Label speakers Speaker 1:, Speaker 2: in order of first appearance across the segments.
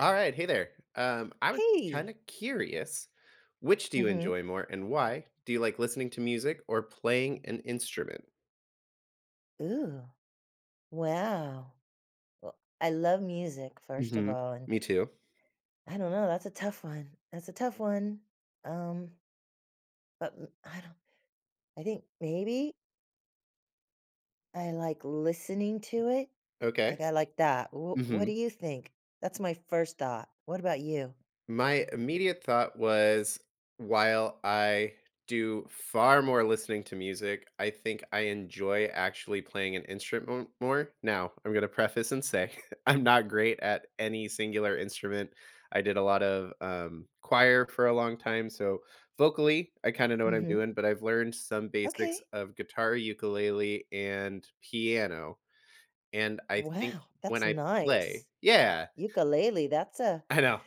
Speaker 1: Alright, hey there. Um, I was just
Speaker 2: Hey.
Speaker 1: kinda curious, which do you
Speaker 2: Mhm.
Speaker 1: enjoy more and why? Do you like listening to music or playing an instrument?
Speaker 2: Ooh, wow. Wel I love music, first of
Speaker 1: Mhm.
Speaker 2: all, and
Speaker 1: Me too.
Speaker 2: I don't know. That's a tough one. That's a tough one, um but m I don't I think, maybe? I like listening to it-
Speaker 1: Okay.
Speaker 2: like, I like that. W what do
Speaker 1: Mhm.
Speaker 2: you think? That's my first thought. What about you?
Speaker 1: My immediate thought was, while I do far more listening to music, I think I enjoy actually playing an instrument more. Now, I'm gonna preface and say, I'm not great at any singular instrument. I did a lot of, um, choir for a long time, so, vocally, I kinda know what I'm
Speaker 2: Mhm.
Speaker 1: doing, but I've learned some basics
Speaker 2: Okay.
Speaker 1: of guitar, ukulele, and piano. And I think
Speaker 2: Wow,
Speaker 1: when
Speaker 2: that's
Speaker 1: I play
Speaker 2: nice.
Speaker 1: Yeah.
Speaker 2: Ukulele, that's a
Speaker 1: I know.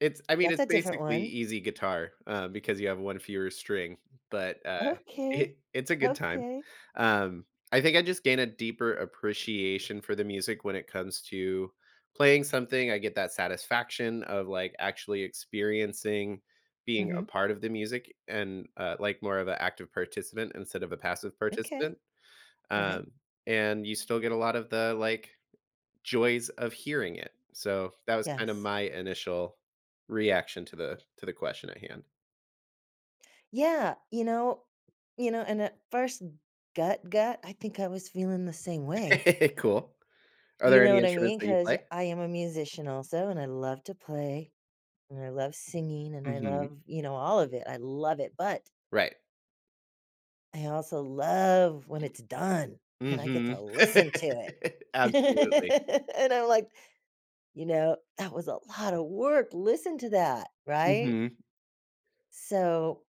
Speaker 1: It's I mean,
Speaker 2: that's
Speaker 1: it's
Speaker 2: a different
Speaker 1: basically
Speaker 2: one.
Speaker 1: easy guitar, uh, because you have one fewer string, but, uh,
Speaker 2: Okay.
Speaker 1: it it's a good time.
Speaker 2: Okay.
Speaker 1: Um, I think I just gain a deeper appreciation for the music when it comes to playing something- I get that satisfaction of, like, actually experiencing being a
Speaker 2: Mhm.
Speaker 1: part of the music and, uh, like, more of a active participant instead of a passive
Speaker 2: Okay.
Speaker 1: participant.
Speaker 2: Right.
Speaker 1: Um, and you still get a lot of the, like, joys of hearing it. So that was kinda
Speaker 2: Yes.
Speaker 1: my initial reaction to the to the question at hand.
Speaker 2: Yeah, you know you know, and at first gut, gut, I think I was feeling the same way.
Speaker 1: Cool. Are
Speaker 2: You
Speaker 1: there
Speaker 2: know
Speaker 1: any
Speaker 2: what I
Speaker 1: instruments
Speaker 2: mean,
Speaker 1: that you
Speaker 2: 'cause
Speaker 1: play?
Speaker 2: I am a musician also, and I love to play, and I love singing, and I
Speaker 1: Mhm.
Speaker 2: love, you know, all of it. I love it. But
Speaker 1: Right.
Speaker 2: I also love when it's done and I get
Speaker 1: Mhm.
Speaker 2: to listen to it.
Speaker 1: Absolutely.
Speaker 2: And I'm like, you know, "That was a lot of work, listen to that," right?
Speaker 1: Mhm.
Speaker 2: So,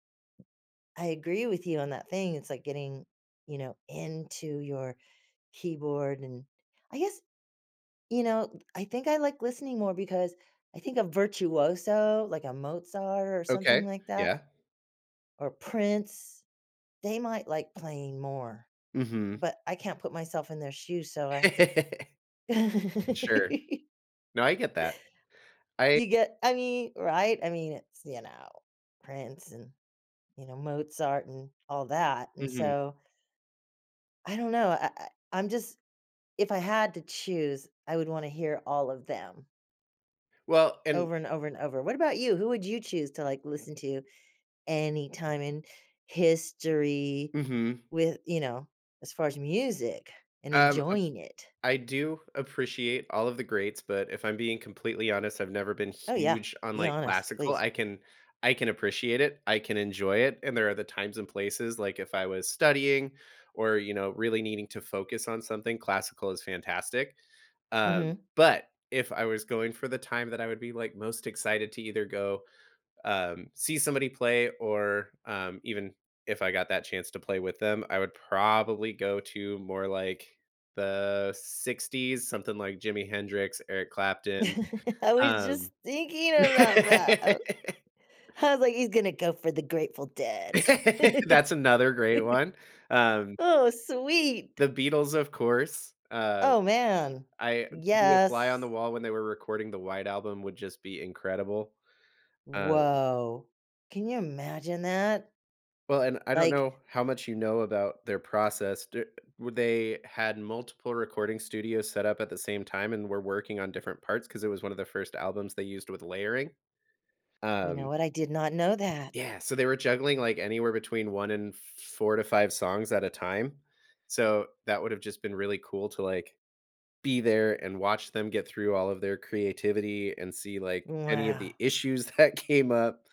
Speaker 2: I agree with you on that thing, it's like getting, you know, into your keyboard and I guess, you know, I think I like listening more because I think of Virtuoso, like a Mozart or
Speaker 1: Okay.
Speaker 2: something like that
Speaker 1: Yeah.
Speaker 2: or Prince, they might like playing more.
Speaker 1: Mhm.
Speaker 2: But I can't put myself in their shoes, so I have to
Speaker 1: Sure. No I get that. I
Speaker 2: You get I mean, right, I mean, it's, you know, Prince and, you know, Mozart and all that and
Speaker 1: Mhm.
Speaker 2: so I don't know, I I I'm just if I had to choose I would wanna hear all of them.
Speaker 1: Well and
Speaker 2: Over, and over, and over. What about you? Who would you choose to, like, listen to anytime in history
Speaker 1: Mhm.
Speaker 2: with you know, as far as music, and
Speaker 1: Um, uh
Speaker 2: enjoying it?
Speaker 1: I do appreciate all of the greats, but if I'm being completely honest, I've never been
Speaker 2: Oh, yeah.
Speaker 1: huge on,
Speaker 2: Be
Speaker 1: like,
Speaker 2: honest,
Speaker 1: classical.
Speaker 2: please.
Speaker 1: I can I can appreciate it. I can enjoy it, and there are the times and places, like, if I was studying or, you know, really needing to focus on something, classical is fantastic. Um,
Speaker 2: Mhm.
Speaker 1: but, if I was going for the time that I would be, like, most excited to either go, um, see somebody play, or, um even if I got that chance to play with them, I would probably go to more like the 60s' something like Jimi Hendrix, Eric Clapton.
Speaker 2: I was
Speaker 1: Um
Speaker 2: just thinking about that. I was like, "He's gonna go for the Grateful Dead."
Speaker 1: That's another great one. Um
Speaker 2: Oh, sweet.
Speaker 1: The Beatles, of course, um,
Speaker 2: Oh, man.
Speaker 1: I to be a fly on the
Speaker 2: Yes.
Speaker 1: wall when they were recording the White Album would just be incredible. Um
Speaker 2: Woah. Can you imagine that?
Speaker 1: Well, and I don't
Speaker 2: Like
Speaker 1: know how much you know about their process. D w they had multiple recording studios set up at the same time and were working on different parts- 'cause it was one of the first albums they used with layering.
Speaker 2: You know
Speaker 1: Um
Speaker 2: what? I did not know that.
Speaker 1: Yeah, so they were juggling, like, anywhere between 1 and 4 to 5 songs at a time. So, that would’ve just been really cool to, like, be there and watch them get through all of their creativity and see, like, any of
Speaker 2: Wow.
Speaker 1: the issues that came up.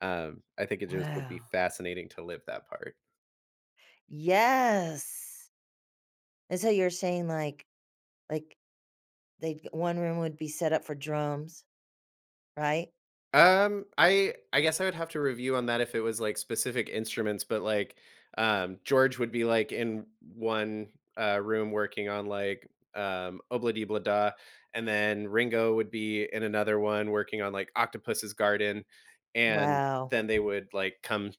Speaker 1: Um, I think it just would be
Speaker 2: Wow.
Speaker 1: fascinating to live that part.
Speaker 2: Yes! And so you're saying, like like, they'd 1 room would be set up for drums, right?
Speaker 1: Um, I I guess I would have to review on that if it was, like, specific instruments, but, like, um, George would be, like, in 1, uh, room working on, like, um, “Ob-La-Di, Ob-La-Da,” and then Ringo would be in another one working on, like, “Octopus's Garden.” And
Speaker 2: Wow.
Speaker 1: then they would, like, come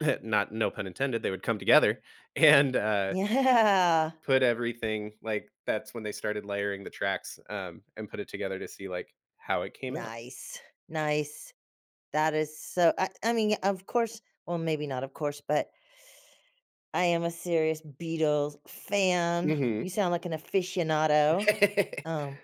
Speaker 1: not no pun intended- they would come together and, uh
Speaker 2: Yeah.
Speaker 1: put everything like, that's when they started layering the tracks, um, and put it together to see, like, how it came out.
Speaker 2: Nice. Nice. That is so I I mean, of course- well, maybe not of course- but, I am a serious Beatles fan.
Speaker 1: Mhm.
Speaker 2: You sound like an aficionado. Um,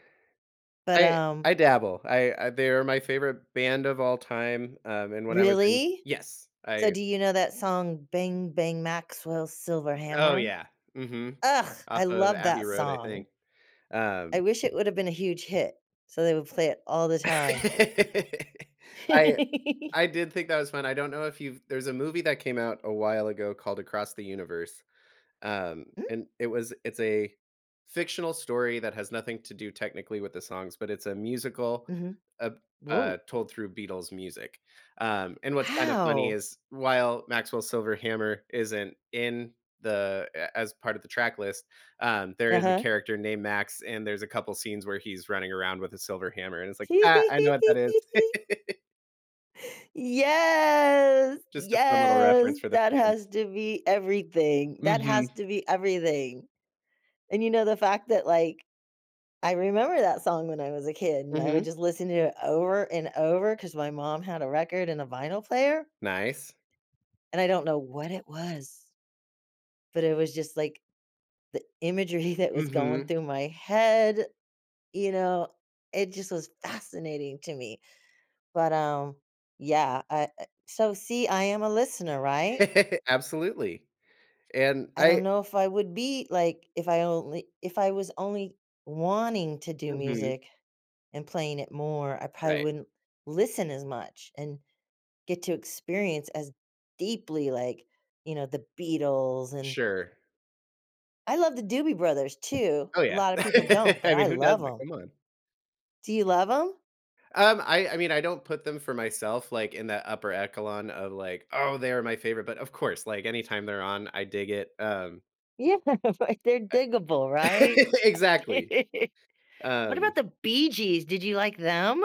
Speaker 2: but,
Speaker 1: I
Speaker 2: um
Speaker 1: I dabble. I I they're my favorite band of all time. Um, and when I was in
Speaker 2: Really?
Speaker 1: yes,
Speaker 2: So
Speaker 1: I
Speaker 2: do you know that song, "bang, bang, Maxwell's silver
Speaker 1: Oh,
Speaker 2: hammer"?
Speaker 1: yeah, mhm.
Speaker 2: Ugh!
Speaker 1: Off
Speaker 2: I
Speaker 1: of
Speaker 2: love
Speaker 1: Abbey
Speaker 2: that
Speaker 1: Road, I
Speaker 2: song.
Speaker 1: think.
Speaker 2: I
Speaker 1: Um
Speaker 2: wish it would have been a huge hit so they would play it all the time.
Speaker 1: I I did think that was fun. I don't know if you've there's a movie that came out a while ago called Across the Universe. Um,
Speaker 2: Mm?
Speaker 1: and it was it's a fictional story that has nothing to do technically with the songs, but it's a musical,
Speaker 2: Mhm.
Speaker 1: ab uh,
Speaker 2: Woah.
Speaker 1: told through Beatles music. Um, and what's kind of funny
Speaker 2: Wow!
Speaker 1: is, while Maxwell's Silver Hammer isn't in the a as part of the track list, um, there is a
Speaker 2: Uh-huh.
Speaker 1: character named Max, and there's a couple scenes where he's running around with a silver hammer, and it's like, "Ha, I know what that is."
Speaker 2: Yes,
Speaker 1: Just a fun little
Speaker 2: yes.
Speaker 1: reference for the
Speaker 2: That has
Speaker 1: fans.
Speaker 2: to be everything. That has
Speaker 1: Mhm.
Speaker 2: to be everything. And you know the fact that, like, I remember that song when I was a kid, and I would
Speaker 1: Mhm.
Speaker 2: just listen to it over and over, 'cause my mom had a record and a vinyl player
Speaker 1: Nice.
Speaker 2: and I don't know what it was but it was just like the imagery that was going
Speaker 1: Mhm.
Speaker 2: through my head, you know, it just was fascinating to me. But, um, yeah, I, uh So see, I am a listener, right?
Speaker 1: Absolutely, and
Speaker 2: I don't
Speaker 1: I
Speaker 2: know if I would be, like, if I only if I was only wanting to do
Speaker 1: Mhm.
Speaker 2: music and playing it more, I probably
Speaker 1: Right.
Speaker 2: wouldn't listen as much and get to experience as deeply, like, you know, the Beatles, and
Speaker 1: Sure.
Speaker 2: I love the Doobie Brothers too.
Speaker 1: Oh
Speaker 2: A
Speaker 1: yeah.
Speaker 2: lotta people don't, but
Speaker 1: I
Speaker 2: I
Speaker 1: mean, who
Speaker 2: love
Speaker 1: doesn't?
Speaker 2: 'em.
Speaker 1: Come on.
Speaker 2: Do you love 'em?
Speaker 1: Um, I I mean, I don't put them for myself, like, in that upper echelon of like, "Oh, they're my favorite," but of course, like, anytime they're on, I dig it, um
Speaker 2: Yeah, but they're
Speaker 1: I
Speaker 2: diggable, right?
Speaker 1: Exactly.
Speaker 2: What
Speaker 1: Um
Speaker 2: about the Bee Gees? Did you like them?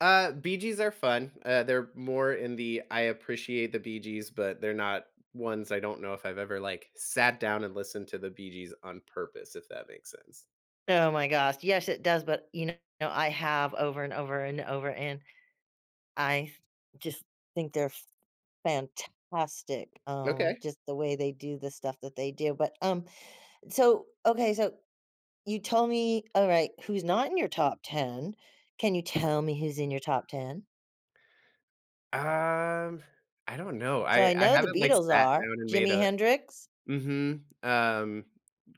Speaker 1: Uh, Bee Gees are fun, uh, they're more in the "I appreciate the Bee Gees," but they're not ones I don't know if I've ever, like, sat down and listened to the Bee Gees on purpose, if that makes sense.
Speaker 2: Oh my gosh, yes, it does, but, you know, I have over, and over, and over, and, I th just think they're fantastic, um,
Speaker 1: Okay.
Speaker 2: just the way they do the stuff that they do, but, um So, okay, so, you told me Alright, who's not in your top 10? Can you tell me who's in your top 10?
Speaker 1: Um, I don't know.
Speaker 2: So,
Speaker 1: I
Speaker 2: I
Speaker 1: I
Speaker 2: know the
Speaker 1: haven't, like,
Speaker 2: Beatles
Speaker 1: sat
Speaker 2: are.
Speaker 1: down and made
Speaker 2: Jimi
Speaker 1: a
Speaker 2: Hendrix?
Speaker 1: Mhm, um,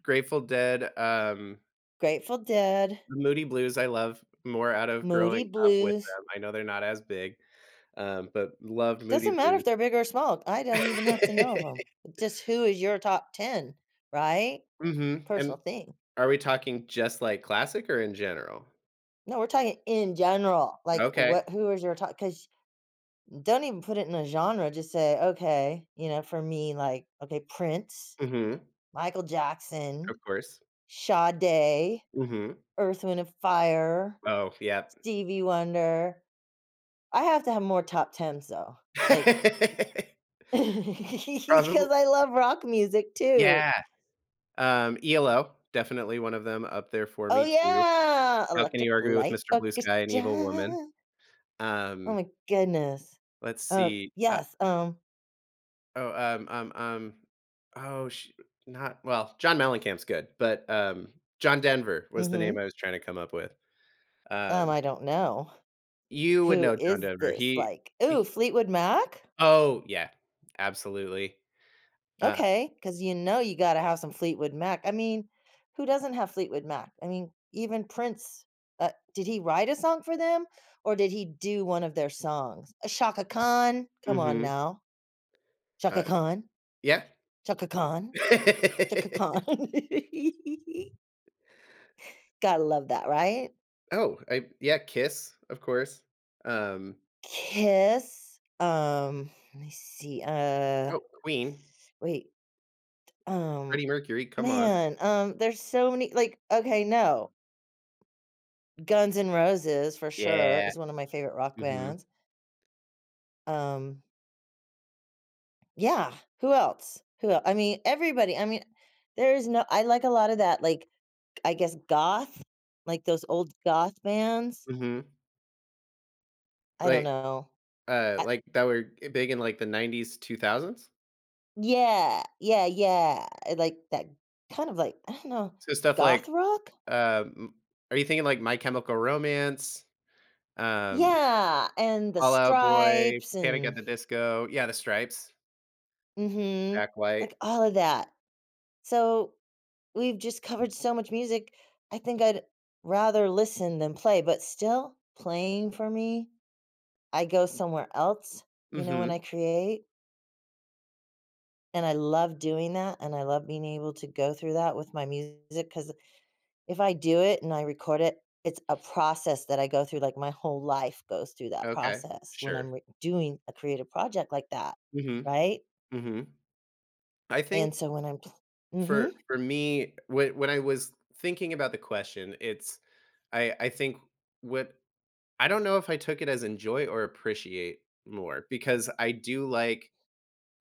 Speaker 1: Grateful Dead, um
Speaker 2: Grateful Dead.
Speaker 1: Moody Blues, I love, more out of
Speaker 2: Moody
Speaker 1: growing up with
Speaker 2: Blues.
Speaker 1: them. I know they're not as big, um, but love Moody
Speaker 2: Doesn't matter
Speaker 1: Blue
Speaker 2: if they're big, or small. I don't even have to know of 'em. Just, who is your top 10, right?
Speaker 1: Mhm,
Speaker 2: Personal
Speaker 1: and
Speaker 2: thing.
Speaker 1: Are we talking just like classic, or in general?
Speaker 2: No, we're talking in general. Like, what
Speaker 1: Okay.
Speaker 2: who is your top 'cause don't even put it in a genre. Just say, "Okay," you know, for me, like okay; Prince,
Speaker 1: Mhm.
Speaker 2: Michael Jackson,
Speaker 1: Of course.
Speaker 2: Sade,
Speaker 1: Mhm.
Speaker 2: Earth, Wind& Fire,
Speaker 1: Oh, yep.
Speaker 2: Stevie Wonder. I have to have more top 10, so like k 'cause I
Speaker 1: [unintelligible]
Speaker 2: love rock music too.
Speaker 1: Yeah. Um, ELO, definitely one of them up there for
Speaker 2: Oh
Speaker 1: me too.
Speaker 2: yeah,
Speaker 1: How can you
Speaker 2: Electric
Speaker 1: argue with
Speaker 2: Light
Speaker 1: Mr. Blue Sky, and Evil Woman?
Speaker 2: Orchestra. Oh
Speaker 1: Um
Speaker 2: my goodness.
Speaker 1: Let's
Speaker 2: Oh,
Speaker 1: see, uh
Speaker 2: yes, um
Speaker 1: Oh, um um um oh, shoot, not well, John Mellencamp's good, but, um, John Denver was the name
Speaker 2: Mhm.
Speaker 1: I was trying to come up with.
Speaker 2: Um,
Speaker 1: Um
Speaker 2: I don't know.
Speaker 1: You would
Speaker 2: Who
Speaker 1: know John
Speaker 2: is
Speaker 1: Denver.
Speaker 2: this?
Speaker 1: He
Speaker 2: Like ooh,
Speaker 1: h
Speaker 2: Fleetwood Mac?
Speaker 1: Oh, yeah. Absolutely. Uh
Speaker 2: Okay, 'cause you know you gotta have some Fleetwood Mac. I mean, who doesn't have Fleetwood Mac? I mean, even Prince, uh, did he write a song for them, or did he do one of their songs? Uh, Chaka Khan come on
Speaker 1: Mhm.
Speaker 2: now. Chaka
Speaker 1: Uh
Speaker 2: Khan.
Speaker 1: Yeah.
Speaker 2: Chaka Khan. Chaka Khan. Gotta love that, right?
Speaker 1: Oh, I yeah, Kiss, of course. Um
Speaker 2: Kiss, um, let me see. Uh,
Speaker 1: Oh, Queen.
Speaker 2: wait, um,
Speaker 1: Freddie Mercury, come on.
Speaker 2: man, um, there's so many, like okay, no. Guns N' Roses, for sure,
Speaker 1: Yeah.
Speaker 2: is one of my favorite rock
Speaker 1: Mhm.
Speaker 2: bands. Um Yeah. Who else? Who el I mean, everybody. I mean, there is no I like a lot of that, like, k I guess, goth, like those old goth bands.
Speaker 1: Mhm.
Speaker 2: I don't
Speaker 1: Like,
Speaker 2: know.
Speaker 1: uh,
Speaker 2: I
Speaker 1: like, that were e big in, like, the '90s, '2000s?
Speaker 2: Yeah. Yeah, yeah. E like that kind of like, I don't know,
Speaker 1: So, stuff
Speaker 2: goth
Speaker 1: like
Speaker 2: rock?
Speaker 1: um, m are you thinking, like, My Chemical Romance, um,
Speaker 2: Yeah. And The
Speaker 1: Fall Out Boy,
Speaker 2: Stripes
Speaker 1: Panic at
Speaker 2: and
Speaker 1: the Disco? Yeah, The Stripes.
Speaker 2: Mhm.
Speaker 1: Jack
Speaker 2: Like,
Speaker 1: White.
Speaker 2: all of that. So, we've just covered so much music. I think I'd rather listen than play, but still playing for me, I go somewhere else, you know, when
Speaker 1: Mhm.
Speaker 2: I create. And I love doing that, and I love being able to go through that with my music, 'cause if I do it and I record it, it's a process that I go through, like, my whole life goes through that
Speaker 1: Okay.
Speaker 2: process when
Speaker 1: Sure.
Speaker 2: I'm re doing a creative project like that.
Speaker 1: Mhm.
Speaker 2: Right?
Speaker 1: Mhm. I
Speaker 2: And
Speaker 1: think
Speaker 2: so when I'm pl
Speaker 1: for
Speaker 2: mhm.
Speaker 1: for me, when when I was thinking about the question, it's I I think what I don't know if I took it as enjoy or appreciate more because I do like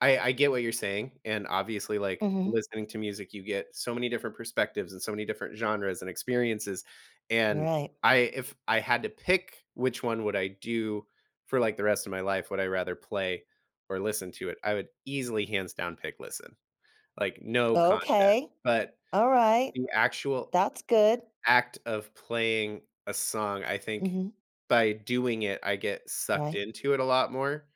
Speaker 1: I I get what you're saying, and obviously, like,
Speaker 2: Mhm.
Speaker 1: listening to music, you get so many different perspectives and so many different genres and experiences, and
Speaker 2: Right.
Speaker 1: I if I had to pick which one would I do for, like, the rest of my life, would I rather play or listen to it, I would easily hands down pick listen. Like, no contest.
Speaker 2: Okay.
Speaker 1: But
Speaker 2: Alright.
Speaker 1: the actual
Speaker 2: That's good.
Speaker 1: act of playing a song, I think
Speaker 2: Mhm.
Speaker 1: by doing it, I get sucked
Speaker 2: Right.
Speaker 1: into it a lot more,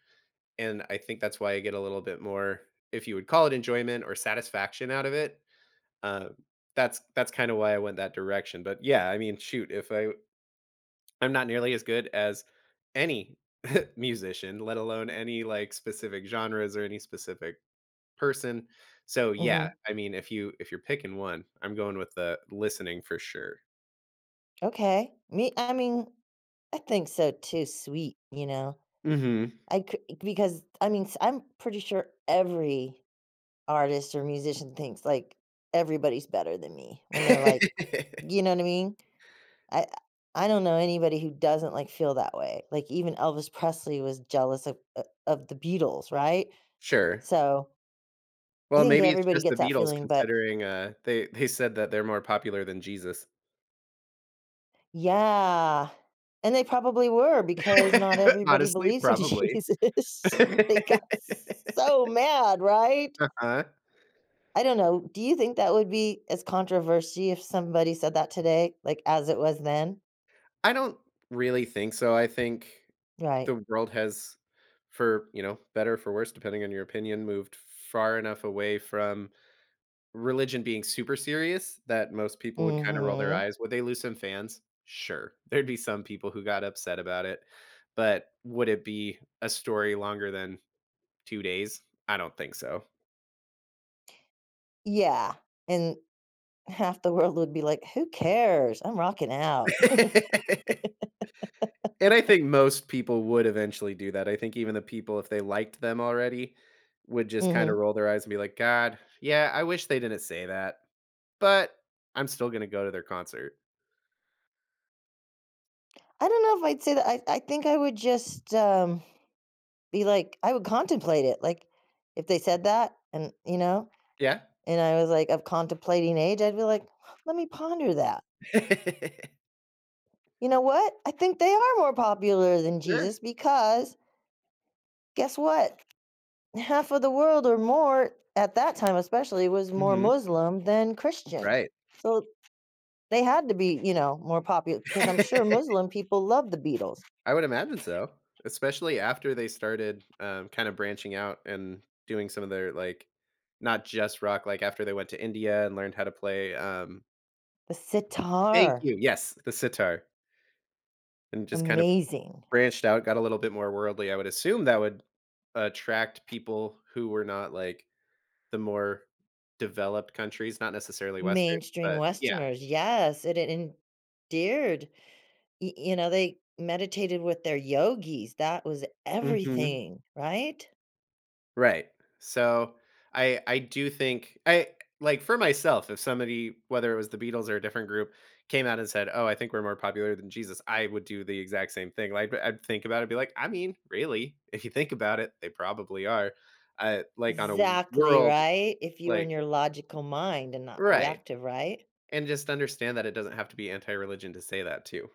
Speaker 1: and I think that's why I get a little bit more, if you would call it, enjoyment or satisfaction out of it, um, that's that's kinda why I went that direction, but, yeah, I mean, shoot, if I I'm not nearly as good as any musician, let alone any, like, specific genres or any specific person. So, yeah,
Speaker 2: Mhm.
Speaker 1: I mean, if you if you're picking one, I'm going with the listening for sure.
Speaker 2: Okay. Me I mean, I think so too sweet, you know?
Speaker 1: Mhm.
Speaker 2: I c because, t I mean, s I'm pretty sure every artist or musician thinks, like, "Everybody's better than me." When they're like you know, what I mean? I I I don't know anybody who doesn't, like, feel that way. Like, even Elvis Presley was jealous of, uh, of the Beatles, right?
Speaker 1: Sure.
Speaker 2: So I
Speaker 1: Well,
Speaker 2: think
Speaker 1: maybe it's
Speaker 2: everybody
Speaker 1: just
Speaker 2: gets
Speaker 1: the
Speaker 2: that
Speaker 1: Beatles
Speaker 2: feeling, but
Speaker 1: considering, uh, they they said that they're more popular than Jesus.
Speaker 2: Yeah, and they probably were because not everybody
Speaker 1: Honestly,
Speaker 2: believes in
Speaker 1: probably.
Speaker 2: Jesus. They got s so mad, right?
Speaker 1: Uh-huh.
Speaker 2: I don't know. Do you think that would be as controversy if somebody said that today, like, as it was then?
Speaker 1: I don't really think so. I think
Speaker 2: Right.
Speaker 1: the world has, for, you know, better or for worst, depending on your opinion, moved f far enough away from religion being super serious that most people would kinda roll their
Speaker 2: Mhm.
Speaker 1: eyes. Would they lose some fans? Sure. There'd be some people who got upset about it, but would it be a story longer than 2 days? I don't think so.
Speaker 2: Yeah, and, half the world would be like, "Who cares? I'm rocking out."
Speaker 1: And I think most people would eventually do that. I think even the people, if they liked them already, would just kinda
Speaker 2: Mhm.
Speaker 1: roll their eyes and be like, "God. Yeah, I wish they didn't say that, but, I'm still gonna go to their concert."
Speaker 2: I don't know if I'd say that. I I think I would just, um, be like I would contemplate it, like, if they said that and, you know,
Speaker 1: Yeah.
Speaker 2: and I was like of contemplating age, I'd be like, "Let me ponder that." You know what? I think they are more popular than
Speaker 1: Sure.
Speaker 2: Jesus, because guess what? Half of the world or more, at that time, especially, was more
Speaker 1: Mhm.
Speaker 2: Muslim than Christian.
Speaker 1: Right.
Speaker 2: So, they had to be, you know, more popu 'cause I'm sure Muslim people loved the Beatles.
Speaker 1: I would imagine so. Especially after they started, um, kinda branching out and doing some of their, like, not just rock, like, after they went to India and learned how to play, um
Speaker 2: The
Speaker 1: Thank
Speaker 2: sitar.
Speaker 1: you Yes, the sitar. And just kind of
Speaker 2: Amazing.
Speaker 1: branched out, got a little bit more worldly. I would assume that would attract people who were not, like, the more developed countries, not necessarily Western.
Speaker 2: Mainstream
Speaker 1: But, yeah.
Speaker 2: Westerners, yes, i d endeared. Y you know, they meditated with their yogis. That was
Speaker 1: Mhm.
Speaker 2: everything. Right?
Speaker 1: Right. So, I I do think I like, for myself, if somebody, whether it was the Beatles or a different group came out and said, "Oh, I think we're more popular than Jesus," I would do the exact same thing. Like, I'd think about it and be like, "I mean, really, if you think about it, they probably are." Uh, like, on a w
Speaker 2: 'Xactly,
Speaker 1: world
Speaker 2: right? If you were in
Speaker 1: like
Speaker 2: your logical mind and not
Speaker 1: Right.
Speaker 2: reactive, right?
Speaker 1: And just understand that it doesn't have to be anti-religion to say that too.